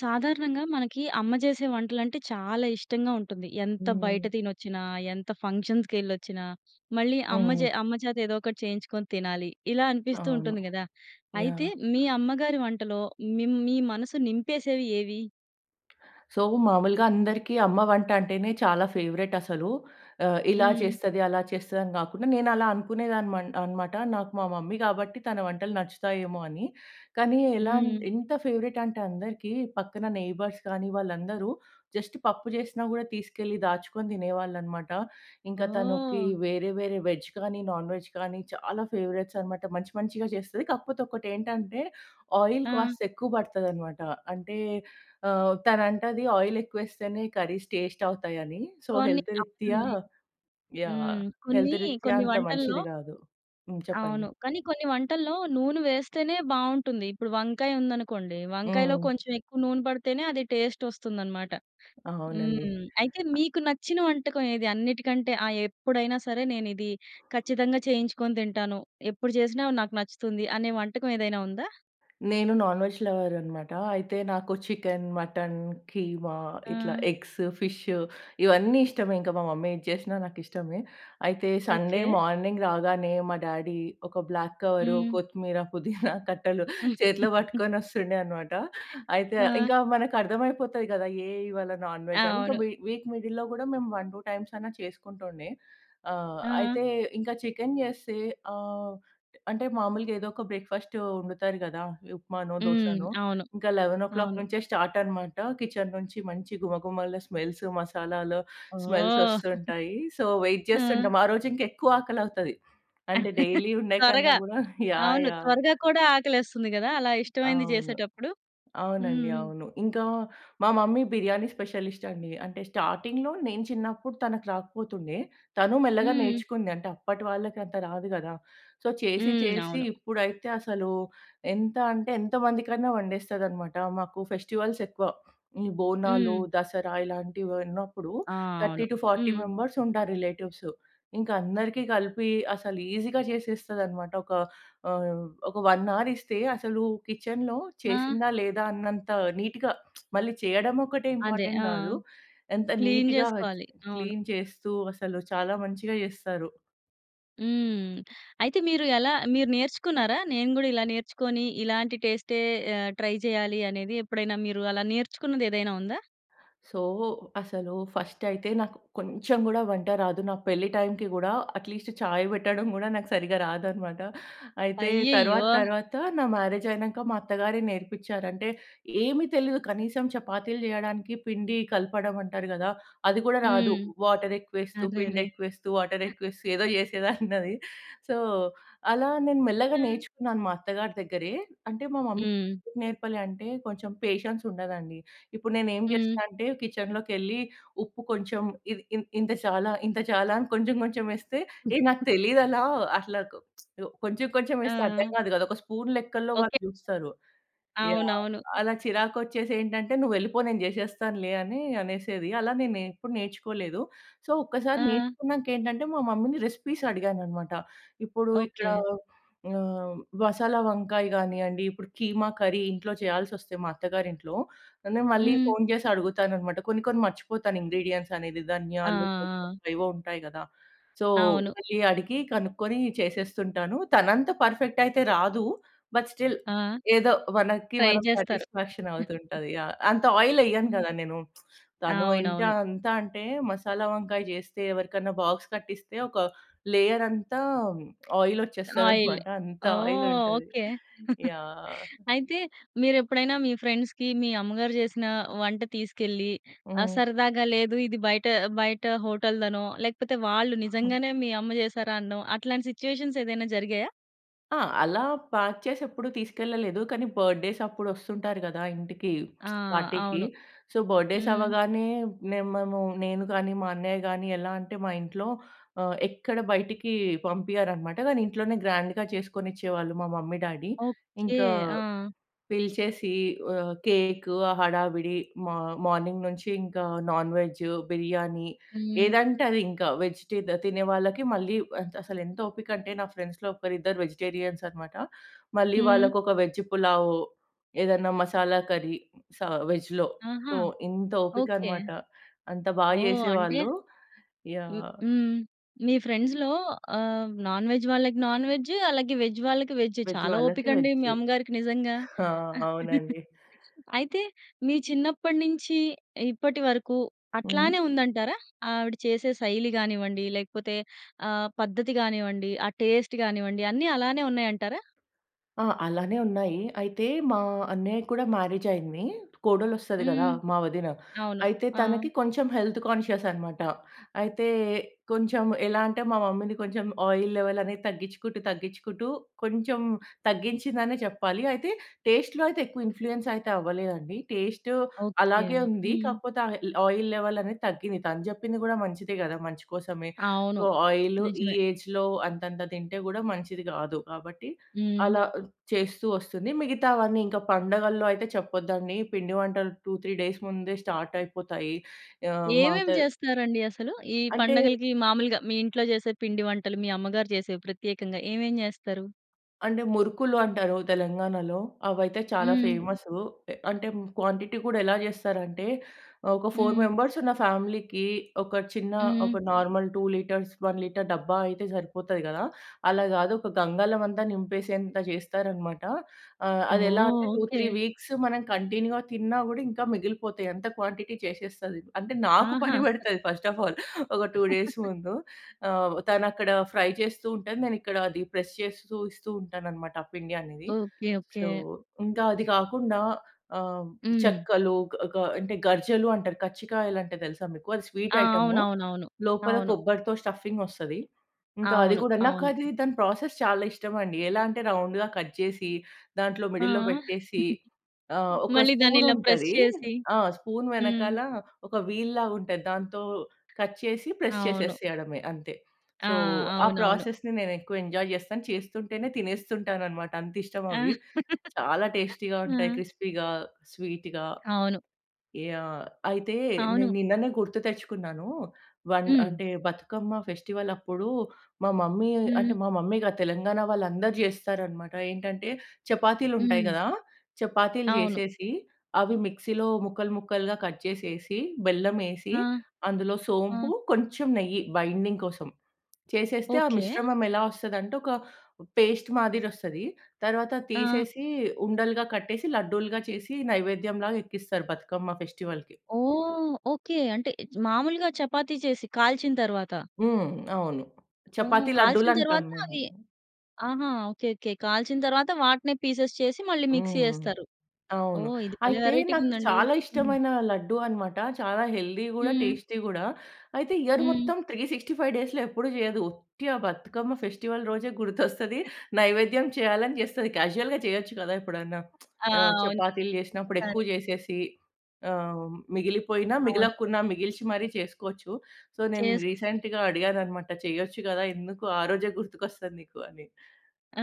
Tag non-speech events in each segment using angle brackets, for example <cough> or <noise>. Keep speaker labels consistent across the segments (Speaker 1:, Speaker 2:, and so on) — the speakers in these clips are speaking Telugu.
Speaker 1: సాధారణంగా మనకీ అమ్మ చేసే వంటలంటే చాలా ఇష్టంగా ఉంటుంది. ఎంత బయట
Speaker 2: హ్మ్.
Speaker 1: తినొచ్చినా, ఎంత ఫంక్షన్స్‌కెళ్ళొచ్చినా, మళ్ళీ
Speaker 2: ఆ!
Speaker 1: అమ్మ జే
Speaker 2: అవును.
Speaker 1: అమ్మ చేత ఏదో ఒకటి చేయించుకొని తినాలి. ఇలా అనిపిస్తూ
Speaker 2: అవును.
Speaker 1: ఉంటుంది గదా! అయితే
Speaker 2: యాహ్!
Speaker 1: మీ అమ్మగారి వంటలో మిమ్ మీ మనసు నింపేసేవి ఏవి?
Speaker 2: సో, మామూలుగా అందరికీ అమ్మ వంట అంటేనే చాలా ఫేవరెట్ అసలు. ఆహ్, ఇలా
Speaker 1: హ్మ్.
Speaker 2: చేస్తది, అలా చేస్తది అని గాకుండా నేను అలా అనుకునేదాన్ని మన్ అనమాట. నాకు మా మమ్మీ గాబట్టి తన వంటలు నచ్చుతాయేమో అని. కానీ ఎలా అం
Speaker 1: హ్మ్.
Speaker 2: ఎంత ఫేవరెట్ అంటే అందరికీ పక్కన నెయిబర్స్ కానీ వాళ్ళందరూ, జస్ట్ పప్పు చేసినా గూడా తీసుకెళ్ళి దాచుకొని తినేవాళ్ళనమాట. ఇంక తనుకీ
Speaker 1: ఓహ్!
Speaker 2: వేరే, వేరే వేజ్ కానీ, నాన్ వేజ్ కానీ చాలా ఫేవరెట్స్ అనమాట. మంచి మంచిగా చేస్తది. కాకపోతే ఒకటేంటంటే ఆయిల్
Speaker 1: ఆ!
Speaker 2: కాస్త ఎక్కువ పడతదనమాట. అంటే ఆహ్, తనంటదీ ఆయిల్ ఎక్కువేస్తేనే కర్రీస్ టేస్ట్ అవుతాయి అనీ. సో,
Speaker 1: కొన్ని
Speaker 2: హెల్త్ రిత్యా
Speaker 1: అవునండి.
Speaker 2: యాహ్!
Speaker 1: హ్మ్. కొన్నీ,
Speaker 2: హెల్త్ రిత్యా
Speaker 1: కొన్ని
Speaker 2: అంత
Speaker 1: వంటల్లో
Speaker 2: మంచిది గాదు. హ్మ్. చెప్పండి.
Speaker 1: అవును. కానీ కొన్ని వంటల్లో నూనె వేస్తేనే బావుంటుంది. ఇప్పుడు వంకాయ ఉందనుకోండి. వంకాయలో
Speaker 2: హ్మ్.
Speaker 1: కొంచెం ఎక్కువ నూనె పడితేనే అది టేస్ట్ వస్తుందనమాట.
Speaker 2: అవునండి.
Speaker 1: హ్మ్. అయితే
Speaker 2: అ
Speaker 1: మీకు నచ్చిన వంటకం ఏది? అన్నిటికంటే, ఆ! ఎప్పుడైనా సరే, నేనిది ఖచ్చితంగా చేయించుకొని తింటాను. ఎప్పుడు చేసినా నాకు నచ్చుతుంది అనే వంటకం ఏదైనా ఉందా?
Speaker 2: నేను నాన్ వెజ్ లవర్ అనమాటా. అయితే నాకు చికెన్, మటన్, కీమా ఇట్లా
Speaker 1: ఆ!
Speaker 2: ఎగ్స్, ఫిష్ ఇవన్నీ ఇష్టమే. ఇంక మా మమ్మీ ఏది చేసినా నాకిష్టమే. అయితే సండే
Speaker 1: ఓకే.
Speaker 2: మార్నింగ్ రాగానే మా డాడీ, ఒక బ్లాక్ కవర్,
Speaker 1: హ్మ్.
Speaker 2: కొత్తిమీర, పుదీనా <chuckles> కట్టలు చేతిలో
Speaker 1: <laughs>
Speaker 2: పట్టుకొని వస్తుండే అనమాట. అయితే ఆహ్,
Speaker 1: ఆ!
Speaker 2: ఇంకా మనకు అర్థం అయిపోతది కదా! ఏ ఇవాళ నాన్ వెజ్ అని. ఇంక
Speaker 1: అవును.
Speaker 2: వి వీక్ మిడిల్‌లో గూడా మేము 1, 2 టైమ్స్ అన్నా చేసుకుంటుండే. ఆహ్,
Speaker 1: ఆ!
Speaker 2: అయితే ఇంకా చికెన్ చేస్తే ఆహ్, అంటే మామూలుగా ఏదో ఒక బ్రేక్‌ఫాస్ట్ వండుతారు గదా! ఉప్మానో,
Speaker 1: హ్మ్.
Speaker 2: దోసనో.
Speaker 1: అవును.
Speaker 2: ఇంకా 11:00
Speaker 1: అవును.
Speaker 2: నుంచే స్టార్ట్ అనమాట. కిచెన్ నుంచి మంచి గుమగుమలు, స్మెల్స్ మసాలాలు స్మెల్స్
Speaker 1: ఓహ్! <chuckles>
Speaker 2: వస్తుంటాయీ. సో, వెయిట్
Speaker 1: ఆ!
Speaker 2: చేస్తుంటాం. ఆ రోజు ఇంక ఎక్కువ ఆకలవుతది. అంటే డైలీ
Speaker 1: <chuckles>
Speaker 2: ఉండే కన్నా
Speaker 1: త్వరగా.
Speaker 2: గూడా యాహ్!
Speaker 1: అవును.
Speaker 2: యాహ్!
Speaker 1: త్వరగా కూడా ఆకలేస్తుంది గదా! అలా ఇష్టమైంది
Speaker 2: అవును.
Speaker 1: చేసేటప్పుడు.
Speaker 2: అవునండి.
Speaker 1: హ్మ్.
Speaker 2: అవును. ఇంకా, మా మమ్మీ బిర్యానీ స్పెషలిస్ట్ అండి. అంటే స్టార్టింగ్‌లో నేను చిన్నప్పుడు తనకి రాకపోతుండే. తనూ మెల్లగా
Speaker 1: హ్మ్.
Speaker 2: నేర్చుకుంది. అంటే అప్పటి వాళ్ళకి అంత రాదు గదా! సో, చేసీ,
Speaker 1: హ్మ్.
Speaker 2: చేసీ
Speaker 1: అవును.
Speaker 2: ఇప్పుడైతే అసలూ ఎంత అంటే ఎంత మందికైనా వండేస్తదనమాటా. మాకు ఫెస్టివల్స్ ఎక్కువ. ఈ బోనాలు,
Speaker 1: హ్మ్.
Speaker 2: దసరా ఇలాంటివి ఉన్నప్పుడు
Speaker 1: ఆ!
Speaker 2: థర్టీ
Speaker 1: అవును.
Speaker 2: టు ఫార్టీ
Speaker 1: హ్మ్.
Speaker 2: మెంబర్స్ ఉంటారు రిలేటివ్స్. ఇంకా అందరికి గలిపి అసలు ఈజీగా చేసేస్తదనమాట. ఒక ఆహ్, ఒక 1 అవర్ ఇస్తే అసలూ కిచెన్‌లో
Speaker 1: ఆ!
Speaker 2: చేసిందా లేదా అన్నంత నీట్‌గా <smacks lips> మళ్ళీ చెయ్యడం ఒక్కటే
Speaker 1: అదే.
Speaker 2: ఇంపార్టెంట్
Speaker 1: ఆ!
Speaker 2: గాదు. ఎంత
Speaker 1: క్లీన్
Speaker 2: నీట్‌గా ఆహ్,
Speaker 1: చేసుకోవాలి. అవును.
Speaker 2: క్లీన్ చేస్తూ అసలు చాలా మంచిగా చేస్తారు.
Speaker 1: హ్మ్. అయితే మీరు ఎలా మీరు నేర్చుకున్నారా? నేను కూడా ఇలా నేర్చుకొని ఇలాంటి టేస్టే ఆహ్, ట్రై చేయాలి అనేది ఎప్పుడైనా మీరు అలా నేర్చుకున్నది ఏదైనా ఉందా?
Speaker 2: సో, అసలు ఫస్ట్ అయితే నాకు కొంచెం కూడా వంట రాదు. నా పెళ్లి టైమ్‌కి కూడా అట్లీస్ట్ చాయ్ పెట్టడం కూడా నాకు సరిగ్గా రాదన్నమాట. అయితే
Speaker 1: అయ్యయ్యో!
Speaker 2: తరువాత తరువాత నా మ్యారేజ్ అయినంకా మా అత్తగారే నేర్పించారు. అంటే ఏమి తెలియదు కనీసం చపాతీలు చేయడానికి పిండి కలపడం అంటారు కదా! అది కూడా రాదు.
Speaker 1: హ్మ్.
Speaker 2: వాటర్ ఎక్కువ వేస్తూ, పిండి
Speaker 1: అరెరే!
Speaker 2: ఎక్కువ వేస్తూ, వాటర్ ఎక్కువ వేస్తూ ఏదో చేసేదాన్నది. సో అలా నేను మెల్లగా
Speaker 1: హ్మ్.
Speaker 2: నేర్చుకున్నాను మా అత్తగారి దగ్గరే. అంటే మా మమ్మీ
Speaker 1: హ్మ్.
Speaker 2: నేర్పలే అంటే కొంచెం పేషెన్స్ ఉండదండి. ఇప్పుడు నేను ఏమి చేస్తా
Speaker 1: హ్మ్.
Speaker 2: అంటే కిచెన్‌లోకి వెళ్లి ఉప్పు కొంచెం, ఇది ఇ ఇంత చాలా, ఇంత చాలా అని కొంచెం కొంచెం వేస్తే ఏ నాకు తెలియదు అలా అట్లా కొంచెం కొంచెం వేస్తే అర్థం
Speaker 1: ఆ!
Speaker 2: కాదు కదా! ఒక స్పూన్ లెక్కల్లో వాళ్ళు
Speaker 1: ఓకే.
Speaker 2: చూస్తారు. యాహ్!
Speaker 1: అవునవును.
Speaker 2: అలా చిరాకు వచ్చేసి ఏంటంటే నువ్వు వెళ్ళిపో, నేను చేసేస్తానులే అని అనేసేది. అలా నేను ఎప్పుడు నేర్చుకోలేదు. సో ఒక్కసారి
Speaker 1: ఆ!
Speaker 2: నేర్చుకున్నాక ఏంటంటే మా మమ్మీ‌ని రెసిపీస్ అడిగానన్నమాట. ఇప్పుడు ఇక్కడ
Speaker 1: ఓకే.
Speaker 2: హ్మ్, మసాలా వంకాయ కానియండి. ఇప్పుడు కీమా కర్రీ ఇంట్లో చేయాల్సి వస్తే మా అత్తగారింట్లో, నేను మళ్ళీ
Speaker 1: హ్మ్.
Speaker 2: ఫోన్ చేసి అడుగుతానన్నమాట. కొన్ని కొన్ని మర్చిపోతాను ఇంగ్రీడియెంట్స్ అనేది
Speaker 1: ఆ!
Speaker 2: ధనియాలు కొన్ని
Speaker 1: ఆ!
Speaker 2: కొన్ని ఏవో ఉంటాయి కదా! సో
Speaker 1: అవును.
Speaker 2: మళ్ళి అడిగి కనుక్కొని చేసేస్తూ ఉంటాను. తనంత పర్ఫెక్ట్ అయితే రాదు. బట్ స్టిల్
Speaker 1: ఆ!
Speaker 2: ఏదో మనకి
Speaker 1: ట్రై
Speaker 2: మనం
Speaker 1: చేస్తారు.
Speaker 2: సాటిస్‌ఫాక్షన్ అవుతూ ఉంటది. యాహ్! అంత ఆయిల్ వెయ్యను కదా నేను! <smacks lips> తను ఎంతా
Speaker 1: అవునవును.
Speaker 2: అంతా అంటే మసాలా వంకాయ చేస్తే ఎవరికైనా బాక్స్ కట్టిస్తే ఒక లేయరంతా ఆయిల్
Speaker 1: ఆయిల్
Speaker 2: వచ్చేస్తదన్నమాట. అంత
Speaker 1: ఓహ్!
Speaker 2: ఆయిలుంటది.
Speaker 1: ఓకే. <chuckles>
Speaker 2: యాహ్!
Speaker 1: అయితే మీరెప్పుడైనా మీ ఫ్రెండ్స్‌కి, మీ అమ్మగారు చేసిన వంట తీసుకెళ్ళి ఆ!
Speaker 2: హ్మ్.
Speaker 1: సరదాగా లేదు ఇది బయట, బయట హోటల్‌ధనో లేకపోతే వాళ్ళు
Speaker 2: హ్మ్.
Speaker 1: నిజంగానే మీ అమ్మ చేసారనో అట్లాంటి సిట్యుయేషన్స్ ఏదైనా జరిగాయా?
Speaker 2: ఆ! అలా ప్యాక్ చేసి ఎప్పుడు తీసుకెళ్లలేదు. కానీ బర్త్‌డేస్ అప్పుడొస్తుంటారు గదా! ఇంటికి
Speaker 1: ఆ!
Speaker 2: <smacks lips> పార్టీకి.
Speaker 1: అవును.
Speaker 2: సో, బర్త్‌డేస్
Speaker 1: హ్మ్.
Speaker 2: అవ్వగానే మే మేము నేను గానీ, మా అన్నయ్య గాని ఎలా అంటే మా ఇంట్లో ఆహ్, ఎక్కడ బయటకి పంపియ్యరనమాట. గానీ ఇంట్లోనే గ్రాండ్‌గా చేసుకొనిచ్చేవాళ్ళు మా మమ్మీ, డ్యాడీ.
Speaker 1: ఓకే.
Speaker 2: ఇంకా
Speaker 1: ఆ!
Speaker 2: పిలిచేసి ఆహ్, కేక్ ఆ హడావిడి మ మార్నింగ్ నుంచి ఇంకా నాన్ వెజ్, బిర్యానీ.
Speaker 1: హ్మ్.
Speaker 2: ఏదంటే అది ఇంకా. వెజ్ టి తినే వాళ్ళకి మళ్ళీ ఆహ్, ఎంత్ అసలెంత ఓపిక అంటే నా ఫ్రెండ్స్‌లో ఒకరిద్దరు వెజిటేరియన్స్ అన్నమాట. మళ్ళీ
Speaker 1: హ్మ్.
Speaker 2: వాళ్ళకొక వెజ్ పులావ్. ఏదైనా మసాలా కర్రీ స వెజ్‌‌లో.
Speaker 1: ఆహా!
Speaker 2: సో, ఇంత ఓపిక
Speaker 1: ఓకే.
Speaker 2: అన్నమాట. అంత బాగా
Speaker 1: ఓహ్! అంటే
Speaker 2: చేసేవాళ్ళు.
Speaker 1: మ్
Speaker 2: యాహ్!
Speaker 1: హ్మ్. మీ ఫ్రెండ్స్‌లో ఆహ్, నాన్ వెజ్ వాళ్ళకి నాన్ వెజ్. అలాగే వెజ్ వాళ్ళకి వెజ్.
Speaker 2: వెజ్
Speaker 1: చాలా
Speaker 2: వాళ్ళకి
Speaker 1: ఓపిక అండి
Speaker 2: వెజ్.
Speaker 1: మీ అమ్మగారికి నిజంగా.
Speaker 2: హా!
Speaker 1: <chuckles>
Speaker 2: అవునండి.
Speaker 1: అయితే, మీ చిన్నప్పటి నుంచి ఇప్పటి వరకు
Speaker 2: హ్మ్.
Speaker 1: అట్లానే ఉందంటారా? ఆవిడ చేసే శైలి గానివ్వండి. లేకపోతే ఆహ్, పద్ధతి గానివ్వండి. ఆ టేస్ట్ గానివ్వండి అన్ని అలానే ఉన్నాయంటారా?
Speaker 2: ఆ! అలానే ఉన్నాయి. అయితే మా అన్నయ్యకి కూడా మ్యారేజ్ అయింది. కోడలొస్తది కదా!
Speaker 1: హ్మ్.
Speaker 2: మా వదిన.
Speaker 1: అవును.
Speaker 2: అయితే
Speaker 1: ఆ!
Speaker 2: తనకి కొంచెం హెల్త్ కాన్షియస్ అన్నమాట. అయితే, కొంచెం ఎలా అంటే మా మమ్మీని కొంచెం ఆయిల్ లెవెల్ అనేది తగ్గించుకుంటూ, తగ్గించుకుంటూ కొంచెం తగ్గించిందనే చెప్పాలి. అయితే టేస్ట్‌లో అయితే ఎక్కువ ఇన్‌ఫ్లూయెన్స్ అయితే అవ్వలేదండి. Taste
Speaker 1: okay.
Speaker 2: అలాగే ఉంది.
Speaker 1: హ్మ్.
Speaker 2: కాపోతే ఆహ్, ల్ ఆయిల్ లెవెల్ అనేది తగ్గింది. తను జెప్పింది కూడా మంచిదే గదా! మంచి కోసమే.
Speaker 1: అవును.
Speaker 2: సో, ఆయిల్ ఈ
Speaker 1: నిజమే.
Speaker 2: ఏజ్‌లో అంతంత తింటే గూడా మంచిది కాదు. కాబట్టి
Speaker 1: హ్మ్.
Speaker 2: అలా చేస్తూ ఒస్తుంది. మిగతావన్నీ ఇంకా పండగల్లో అయితే చెప్పదు అండి. పిండి వంటలు 2, 3 డేస్ ముందే స్టార్ట్ అయిపోతాయి. ఆహ్,
Speaker 1: ఏవేం
Speaker 2: మాతే
Speaker 1: చేస్తారండి అసలు? ఈ
Speaker 2: అంటే
Speaker 1: పండగలకి మాములుగా, మీ ఇంట్లో చేసే పిండి వంటలు మీ అమ్మగారు చేసేవి ప్రత్యేకంగా ఏవేం చేస్తారు?
Speaker 2: అంటే మురుకులు అంటారు తెలంగాణలో. అవయితే చాలా
Speaker 1: హ్మ్.
Speaker 2: ఫేమసు అంటే క్వాంటిటీ కూడా ఎలా చేస్తారంటే ఆహ్, ఒక ఫోర్
Speaker 1: హ్మ్.
Speaker 2: మెంబర్స్ ఉన్న ఫ్యామిలీకి ఒక చిన్న ఒక
Speaker 1: హ్మ్.
Speaker 2: నార్మల్ 2 లీటర్స్ 1 లీటర్ డబ్బా అయితే సరిపోతాది గదా. అలా గాదు ఒక గంగాలం అంతా నింపేసేంత జేస్తారు అన్నమాట. ఆహ్,
Speaker 1: ఓహ్!
Speaker 2: అది ఎలా అంటే టూ
Speaker 1: ఓకే.
Speaker 2: త్రీ వీక్స్ మనం కంటిన్యూగా తిన్నా కూడా ఇంకా మిగిలిపోతాయి అంత క్వాంటిటీ చేషేస్తది అంటే నాకు
Speaker 1: ఆహా!
Speaker 2: పని పడతది ఫస్ట్ ఆఫ్ ఆల్ ఒక 2 డేస్
Speaker 1: <chuckles>
Speaker 2: ముందు. ఆహ్, తను అక్కడ ఫ్రై చేస్తూ ఉంటది నేను ఇక్కడ అది ప్రెస్ చేస్తూ ఇస్తూ ఉంటానన్నమాట ఆ పిండి అనేది.
Speaker 1: Okay okay.
Speaker 2: సో ఇంకా అది గాకుండా ఆహ్,
Speaker 1: హ్మ్.
Speaker 2: చెక్కలు గ గ అంటే గర్జలు అంటారు కచ్చికాయలు అంటే తెల్సా మీకు అది స్వీట్
Speaker 1: ఆ!
Speaker 2: ఐటెము.
Speaker 1: అవునవునవును.
Speaker 2: లోపల
Speaker 1: అవును.
Speaker 2: కొబ్బరితో స్టఫింగొస్తది. ఇంకా అది
Speaker 1: అవును.
Speaker 2: గూడా నాకు
Speaker 1: అవును.
Speaker 2: అది దాని ప్రాసెస్ చాలా ఇష్టమండి. ఎలా అంటే రౌండ్‌గా కట్ చేసి దాంట్లో
Speaker 1: ఆ!
Speaker 2: మిడిల్‌లో పెట్టేసి ఆహ్,
Speaker 1: <giggles>
Speaker 2: ఒక
Speaker 1: మళ్ళి దాన్ని
Speaker 2: స్పూన్
Speaker 1: ఇలా ప్రెస్
Speaker 2: ఉంటది
Speaker 1: చేసి.
Speaker 2: ఆ! స్పూన్
Speaker 1: హ్మ్.
Speaker 2: వెనకాల ఒక వీల్ లాగుంటది. దాంతో కట్ చేసి ప్రెస్
Speaker 1: అవును.
Speaker 2: చేసేయడమే అంతే.
Speaker 1: ఆ!
Speaker 2: సో ఆ
Speaker 1: అవునవును.
Speaker 2: ప్రాసెస్‌ని నేను ఎక్కువ ఎంజాయ్ జేస్తాను. చేస్తుంటేనే తినేస్తుంటానన్నమాట అంతిష్టం
Speaker 1: ఆ!
Speaker 2: అవి
Speaker 1: <laughs>
Speaker 2: చాలా టేస్టీ‌గా ఉంటాయి
Speaker 1: ఆ!
Speaker 2: క్రిస్పీ‌గా, స్వీట్‌గా
Speaker 1: అవును.
Speaker 2: యాహ్! అయితే
Speaker 1: అవును.
Speaker 2: నేను నిన్ననే గుర్తు తెచ్చుకున్నాను వన్
Speaker 1: హ్మ్.
Speaker 2: అంటే బతుకమ్మ ఫెస్టివల్ అప్పుడు మా మమ్మీ అంటే
Speaker 1: హ్మ్.
Speaker 2: మా మమ్మీ గాదు తెలంగాణ వాళ్ళు అందరూ జేస్తారన్నమాట ఏంటంటే చపాతీలు ఉంటాయి
Speaker 1: హ్మ్.
Speaker 2: గదా! చపాతీలు
Speaker 1: అవును.
Speaker 2: జేసేసి అవి మిక్సీలో ముక్కలు ముక్కలుగా కట్ చేసేసి, బెల్లం వేసి,
Speaker 1: ఆ!
Speaker 2: అందులో సోంపు
Speaker 1: ఆ!
Speaker 2: కొంచెం నెయ్యి బైండింగ్ కోసం చేసేస్తే ఆ
Speaker 1: ఓకే.
Speaker 2: మిశ్రమం ఎలా వస్తదంటే ఒక పేస్ట్ మాదిరి వస్తది తరువాత
Speaker 1: ఆ!
Speaker 2: తీసేసి ఉండలుగా కట్టేసి లడ్డూలుగా చేసి నైవేద్యం లాగా ఎక్కిస్తారు బతుకమ్మ ఫెస్టివల్‌కి.
Speaker 1: ఓహ్! ఓకె. అంటే మాములుగా చపాతీ చేసి కాల్చిన తరువాత.
Speaker 2: హ్మ్. అవును
Speaker 1: ఓహ్!
Speaker 2: చపాతీ
Speaker 1: కాల్చిన
Speaker 2: లడ్డులు అంటాం
Speaker 1: తరువాత
Speaker 2: మేము.
Speaker 1: అవి ఆహా! ఓకే. ఓకే. కాల్చిన తరువాత వాటినే పీసెస్ చేసి మళ్ళీ మిక్సీ
Speaker 2: హ్మ్.
Speaker 1: యేస్తారు.
Speaker 2: అవును
Speaker 1: ఓహ్! ఇది భలే
Speaker 2: అయితే నాకు
Speaker 1: వేరైటీ‌గుందండి.
Speaker 2: చాలా
Speaker 1: హ్మ్.
Speaker 2: ఇష్టమైన లడ్డూ అన్నమాట. చాలా హెల్దీ గూడా
Speaker 1: హ్మ్.
Speaker 2: టేస్టీ గూడా. అయితే ఇయర్
Speaker 1: హ్మ్.
Speaker 2: మొత్తం 365 డేస్‌లో ఎ‌ప్పుడు జేయదు. ఒట్టి ఆ బతుకమ్మ ఫెస్టివల్ రోజే <chuckles> గుర్తొస్తది.
Speaker 1: <chuckles>
Speaker 2: నైవేద్యం చేయాలని జేస్తది. క్యాషువల్‌గా చేయొచ్చు గదా ఎప్పుడన్నా <smacks lips>
Speaker 1: ఆ!
Speaker 2: ఆహ్,
Speaker 1: అవును.
Speaker 2: చపాతీలు చేషినప్పుడు
Speaker 1: ఒకొక్కసారి.
Speaker 2: ఎక్కువ చేసేసి ఆహ్, మిగిలిపోయిన
Speaker 1: అవును.
Speaker 2: మిగలకున్న మిగిల్చి మరి చేసుకోవచ్చు. సో నేను
Speaker 1: చేసుకోవచ్చు.
Speaker 2: రీసెంట్‌గా అడిగానన్నమాట చెయచ్చు గదా! ఎందుకు ఆ రోజే గుర్తుకొస్తది నీకు అని.
Speaker 1: ఆ!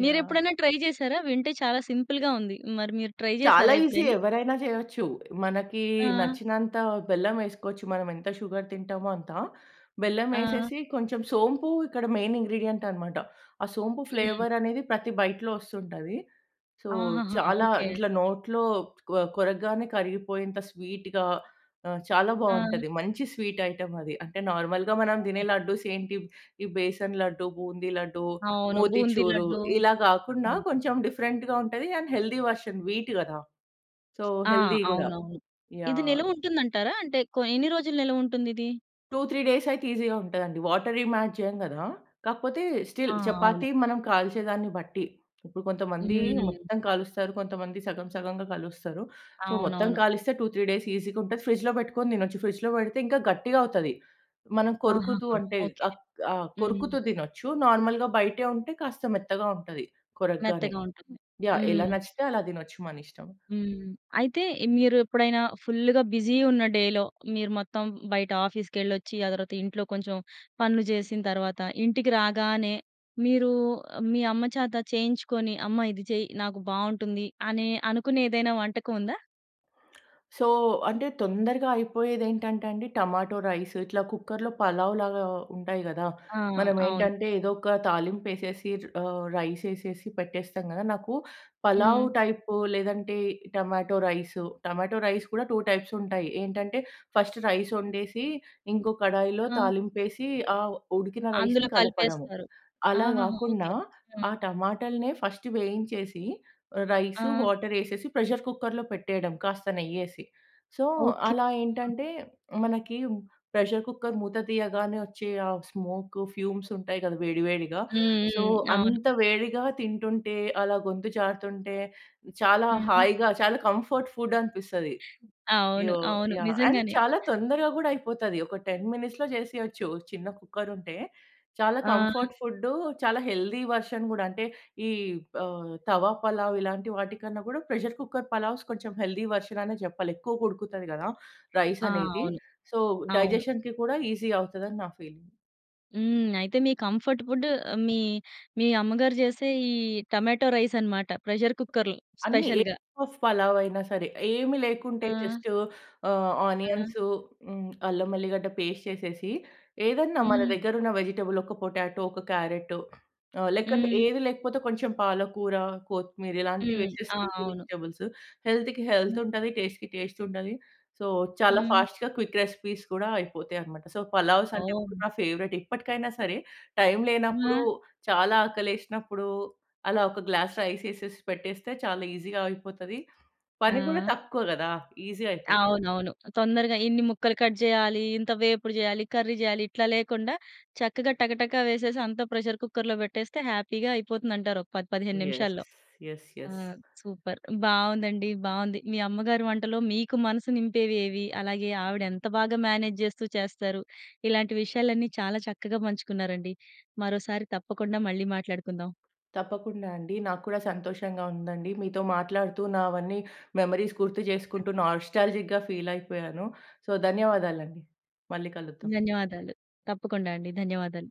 Speaker 2: యాహ్!
Speaker 1: మీరెప్పుడైనా ట్రై జేసారా వింటే చాలా సింపుల్‌గా ఉంది. మరి మీరు ట్రై
Speaker 2: చాలా
Speaker 1: జేసారా
Speaker 2: ఈసీ
Speaker 1: ఎప్పుడైనా?
Speaker 2: ఎవరైనా జెయొచ్చు. మనకి
Speaker 1: ఆ!
Speaker 2: నచ్చినంత బెల్లమేసుకోవచ్చు మనం ఎంత షుగర్ తింటామో అంత.
Speaker 1: ఆ!
Speaker 2: బెల్లమేసేసి కొంచెం సోంపు ఇక్కడ మెయిన్ ఇంగ్రీడియెంట్ అన్నమాట ఆ సోంపు
Speaker 1: హ్మ్.
Speaker 2: ఫ్లేవర్ అనేది ప్రతి బైట్‌లో వస్తుంటది. సో
Speaker 1: ఆహాహా!
Speaker 2: చాలా
Speaker 1: ఓకే.
Speaker 2: ఇట్లా నోట్లో కొ కొరగ్గానే కరిగిపోయేంత స్వీట్‌గా ఆహ్, చాలా
Speaker 1: ఆ!
Speaker 2: బావుంటది మంచి స్వీట్ ఐటెమ్ అది అంటే నార్మల్‌గా మనం తినే లడ్డు‌స్ ఏంటి ఈ బేసన్ లడ్డు, బూంది లడ్డు,
Speaker 1: అవును. బూందీ
Speaker 2: మోతిచూరు
Speaker 1: లడ్డు.
Speaker 2: ఇలా గాకుండా
Speaker 1: అవును.
Speaker 2: కొంచెం డిఫరెంట్‌గా ఉంటది అండ్ హెల్దీ వెర్షన్ వీట్ గదా. సో,
Speaker 1: ఆ!
Speaker 2: హెల్తీ గూడా.
Speaker 1: అవునవును. ఇది
Speaker 2: యాహ్!
Speaker 1: నిలవ ఉంటుందంటారా అంటే కొ ఎన్ని రోజులు నిలవ ఉంటుందిది?
Speaker 2: 2, 3 డేస్ అయితే ఈజీగా ఉంటదండి. వాటరేం యాడ్ జేయం గదా, కాకపోతే
Speaker 1: ఆ!
Speaker 2: స్టిల్
Speaker 1: అవును.
Speaker 2: చపాతీ మనం కాల్చేదాన్ని బట్టి, ఇప్పుడు కొంతమంది
Speaker 1: హ్మ్.
Speaker 2: మొత్తం కాలుస్తారు, కొంతమంది సగం, సగంగా కలుస్తారు. సో, మొత్తం
Speaker 1: అవునవును.
Speaker 2: కాలిస్తే 2, 3 డేస్ ఈజీగా ఉంటది. ఫ్రిడ్జ్‌లో బెట్టుకొని తినొచ్చు. ఫ్రిడ్జ్‌లో పెడితే ఇంకా గట్టిగా అవుతాది. మనం కొరుకుతూ
Speaker 1: ఆహాహా!
Speaker 2: అంటే,
Speaker 1: ఓకె.
Speaker 2: అక్ ఆహ్,
Speaker 1: హ్మ్.
Speaker 2: కొరుకుతూ తినొచ్చు. నార్మల్‌గా బయటే ఉంటే కాస్త మెత్తగా ఉంటది కొరకగానె.
Speaker 1: మెత్తగా ఉంటుంది.
Speaker 2: యాహ్! ఎలా
Speaker 1: హ్మ్.
Speaker 2: నచ్చితే అలా దినొచ్చు మన ఇష్టం.
Speaker 1: హ్మ్. అయితే, ఇ మీరు ఎప్పుడైనా ఫుల్లుగా బిజీ ఉన్న డేలో మీరు మొత్తం బయట ఆఫీస్కెళ్ళొచ్చి, ఆ తర్వాత ఇంట్లో కొంచెం పనులు జేసిన తర్వాత ఇంటికి రాగానే, మీరు మీ అమ్మ చేత చేయించుకొని, "అమ్మ ఇది చెయి, నాకు బాగుంటుంది" అని అనుకునే ఏదైనా వంటకం ఉందా?
Speaker 2: సో, అంటే తొందరగా అయిపోయేది ఏంటంటే అండి, టమాటో రైస్ ఇట్లా కుక్కర్‌లో పలావ్‌లాగా ఉంటాయి గదా,
Speaker 1: ఆ!
Speaker 2: మనం
Speaker 1: అవును.
Speaker 2: ఏంటంటే ఏదో ఒక తాలింపేసేసి ర్ ఆహ్, రైస్ యేసేసి పెట్టేస్తాం గదా, నాకు పలావ్
Speaker 1: హ్మ్.
Speaker 2: టైపో లేదంటే టమాటో రైస్. టొమాటో రైస్ కూడా 2 టైప్స్ ఉంటాయి. ఏంటంటే, ఫస్ట్ రైస్ వండేసి ఇంకో కడాయిలో
Speaker 1: ఆ!
Speaker 2: తాలింపు యేసి ఆహ్, ఉడికిన
Speaker 1: అందులో
Speaker 2: రైస్‌ని కలపడము.
Speaker 1: కలిపేస్తారు.
Speaker 2: అలా
Speaker 1: ఆహాహా!
Speaker 2: గాకుండా
Speaker 1: ఓకె. ఆ!
Speaker 2: ఆ టమాటల్నే ఫస్ట్ వేయించేసి రైస్,
Speaker 1: ఆ!
Speaker 2: వాటర్ యేసేసి ప్రెషర్ కుక్కర్‌లో పెట్టేయడం కాస్త నెయ్యేసి. So,
Speaker 1: okay.
Speaker 2: అలా ఏంటంటే మనకి హ్మ్, ప్రెషర్ కుక్కర్ మూత తీయగానే వచ్చే ఆ స్మోకు, ఫ్యూమ్స్ ఉంటాయి గద, వేడి, వేడిగా
Speaker 1: హ్మ్.
Speaker 2: సో,
Speaker 1: హ్మ్. అవును.
Speaker 2: అంత వేడిగా తింటుంటే అలా గొంతు జారుతుంటే, చాలా
Speaker 1: హ్మ్.
Speaker 2: హాయిగా, చాలా కంఫర్ట్ ఫుడ్ అనిపిస్తది.
Speaker 1: అవును.
Speaker 2: యో
Speaker 1: అవును,
Speaker 2: యాహ్! అండ్,
Speaker 1: నిజంగానే.
Speaker 2: చాలా తొందరగా గూడా అయిపోతది. ఒక 10 మినిట్స్‌లో జేసేయచ్చు, చిన్న కుక్కర్ ఉంటే. చాలా
Speaker 1: ఆ!
Speaker 2: కంఫర్ట్ ఫుడ్డు, చాలా హెల్దీ వెర్షన్ గూడా అంటే ఈ ఆహ్, తవా పలావ్ ఇలాంటి వాటి కన్నా గూడా ప్రెషర్ కుక్కర్ పలావ్స్ కొంచెం హెల్దీ వెర్షన్ అనే జెప్పాలి. ఎక్కువగ ఉడుకుతది గదా, రైస్
Speaker 1: ఆ!
Speaker 2: అనేది.
Speaker 1: అవును.
Speaker 2: సో,
Speaker 1: అవును.
Speaker 2: డైజెషన్‌కి కూడా ఈజీ అవుతదని నా ఫీలింగ్.
Speaker 1: హ్మ్. అయితే, మీ కంఫర్ట్ ఫుడ్ మీ మీ అమ్మగారు చేసే ఈ టమేటో రైసనమాట. ప్రెజర్ కుక్కర్‌లో
Speaker 2: అన్ని. ఏ
Speaker 1: స్పెషల్‌గా.
Speaker 2: పఫ్ పలావైనా సరే. ఏమి లేకుంటే,
Speaker 1: ఆ!
Speaker 2: జస్టు ఆహ్,
Speaker 1: ఆ!
Speaker 2: ఆనియన్సు హ్మ్. అల్లం వెల్లిగడ్డ పేస్ట్ చేసేసి, ఏదన్నా మన
Speaker 1: హ్మ్.
Speaker 2: దగ్గరున్న వెజిటబుల్ ఒక పొటాటో ఒక క్యారట్టో ఆహ్, లేకంటే,
Speaker 1: హ్మ్.
Speaker 2: ఏదీ లేకపోతే కొంచెం పాలకూర, కొత్తిమీర ఇలాంటివి
Speaker 1: హ్మ్.
Speaker 2: వేసేసి,
Speaker 1: ఆ!
Speaker 2: లీఫీ
Speaker 1: అవును.
Speaker 2: వెజిటబుల్స్. హెల్త్‌కి
Speaker 1: హ్మ్.
Speaker 2: హెల్తుంటది, టెస్టుకి టెస్టుంటది. సో, చాలా
Speaker 1: హ్మ్.
Speaker 2: ఫాస్ట్‌గా క్విక్ రెసిపీస్ కూడా అయిపోతాయి అనమాట. సో, పలావ్సంటే
Speaker 1: ఓహ్!
Speaker 2: నా ఫేవరెట్. ఇప్పటికైనా సరే, టైమ్ లేనప్పుడు
Speaker 1: ఆ!
Speaker 2: చాలా ఆకలేసినప్పుడూ, అలా ఒక గ్లాస్ రైసేసేసి పెట్టేస్తే చాలా ఈజీగా అయిపోతది. పని గూడా
Speaker 1: ఆ!
Speaker 2: తక్కువ గదా! ఈజీ అయిపోతది.
Speaker 1: అవునవును. తొందరగా ఇన్ని ముక్కలు కట్ జెయ్యాలి, ఇంత వేపుడు జెయ్యాలి, కర్రీ చెయ్యాలి, ఇట్లా లేకుండా చక్కగా టకటక వేసేసి అంతా ప్రెజర్ కుక్కర్‌లో పెట్టేస్తే హ్యాపీ‌గా అయిపోతుందంటారు, ఒక 10, 15
Speaker 2: యెస్.
Speaker 1: నిమిషాల్లో.
Speaker 2: యెస్.
Speaker 1: ఆ!
Speaker 2: యెస్.
Speaker 1: సూపర్ బావుందండి. బావుంది. మీ అమ్మగారి వంటలో మీకు మనసు నింపేవేవి? అలాగే, ఆవిడెంత బాగా మేనేజ్జెస్తూ చేస్తారు. ఇలాంటి విషయాలన్నీ చాలా చక్కగా పంచుకున్నారండి. మరోసారి తప్పకుండా మళ్ళీ మాట్లాడుకుందాం.
Speaker 2: తప్పకుండా అండి. నాకు కూడా సంతోషంగా ఉందండి. మీతో మాట్లాడుతూ నావన్నీ మెమోరీస్ గుర్తు చేసుకుంటూ, నాస్టాల్జిక్‌గా ఫీలయిపోయాను. సో, ధన్యవాదాలండి. మళ్ళీ కలుద్దాం.
Speaker 1: ధన్యవాదాలు. తప్పకుండా అండి. ధన్యవాదాలు.